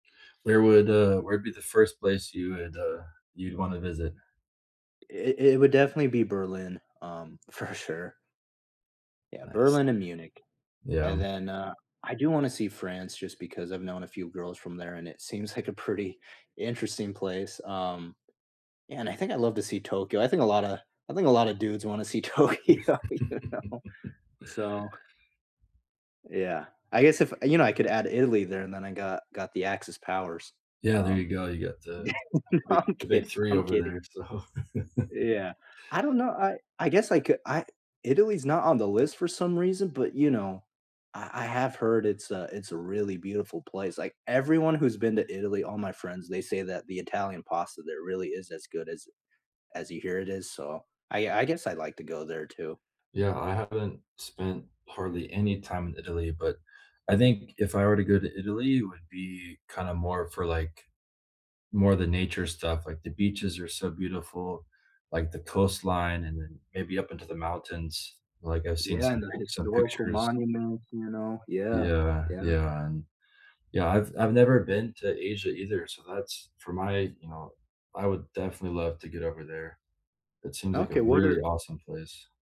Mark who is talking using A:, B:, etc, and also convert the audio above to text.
A: Where would, uh where'd be the first place you would, uh you'd wanna visit?
B: It it would definitely be Berlin, um, for sure. Yeah,
A: Nice.
B: Berlin and Munich.
A: Yeah,
B: And
A: um
B: then, uh, I do want to see France just because I've known a few girls from there and it seems like a pretty interesting place, um, and I think I'd love to see Tokyo. I think a lotta I think a lotta dudes want to see Tokyo, you know, so Yeah, I guess if you know, I could add Italy there and then I got got the Axis powers,
A: Yeah, there you
B: um
A: go. You got the,
B: yeah,
A: o
B: no,
A: big
B: I'm
A: the
B: kidding,
A: big 3
B: I'm
A: over
B: kidding.
A: there, so
B: Yeah, I don't know, I I guess I could I Italy's not on the list for some reason, but, you know, I I have heard it's a it's a really beautiful place. Like, everyone who's been to Italy, all my friends, they say that the Italian pasta there really is as good as as you hear it is, so, I I guess I'd like to go there too.
A: Yeah, I haven't spent hardly any time in Italy, but, I think if I were to go to Italy, it would be kinda more for, like more of the nature stuff, like, the beaches are so beautiful, like, the coastline and then maybe up into the mountains, like, I've seen
B: Yeah, and
A: some
B: the
A: pic some
B: historical
A: pictures.
B: monuments, you know, yeah,
A: Yeah,
B: yeah.
A: yeah, and yeah, I've I've never been to Asia either, so that's for my you know, I would definitely love to get over there. It seems like a
B: Okay, what
A: really
B: are
A: awesome place.